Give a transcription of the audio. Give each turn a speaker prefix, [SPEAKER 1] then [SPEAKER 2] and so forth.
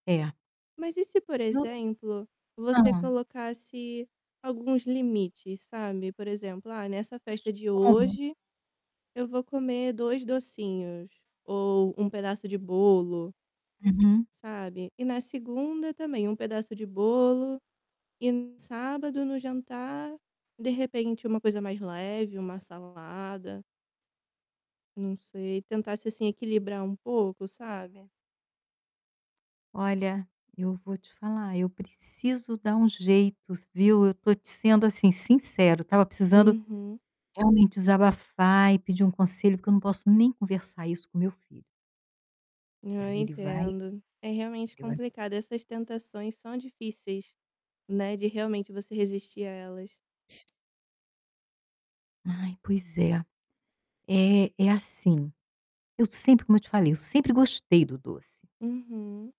[SPEAKER 1] É.
[SPEAKER 2] Mas e se, por
[SPEAKER 1] E o
[SPEAKER 2] exemplo, você
[SPEAKER 1] Hã?
[SPEAKER 2] colocasse alguns limites, sabe. Por exemplo: "Ah, nessa
[SPEAKER 1] Mas
[SPEAKER 2] festa de
[SPEAKER 1] como?
[SPEAKER 2] hoje, eu vou comer 2 docinhos, ou 1 pedaço de bolo"
[SPEAKER 1] Uhum.
[SPEAKER 2] sabe, e, na segunda, também um pedaço de bolo e, no sábado, no jantar de repente uma coisa mais leve, uma salada não sei, tentasse, assim, equilibrar um pouco, sabe?
[SPEAKER 1] Olha, eu vou te falar, eu preciso dar um jeito s viu. Eu tô te sendo assim, sincero, eu estava precisando
[SPEAKER 2] Uhum.
[SPEAKER 1] realmente desabafar e pedir um conselho, porque eu não posso nem conversar isso com meu filho. E
[SPEAKER 2] Ah,
[SPEAKER 1] aí ele vai
[SPEAKER 2] entendo, é realmente
[SPEAKER 1] ele vai
[SPEAKER 2] complicado. Essas tentações são difíceis, né, de realmente você resistir a elas.
[SPEAKER 1] Ai, pois é. É é assim, eu sempre, como eu te falei, eu sempre gostei do doce.
[SPEAKER 2] Uhum.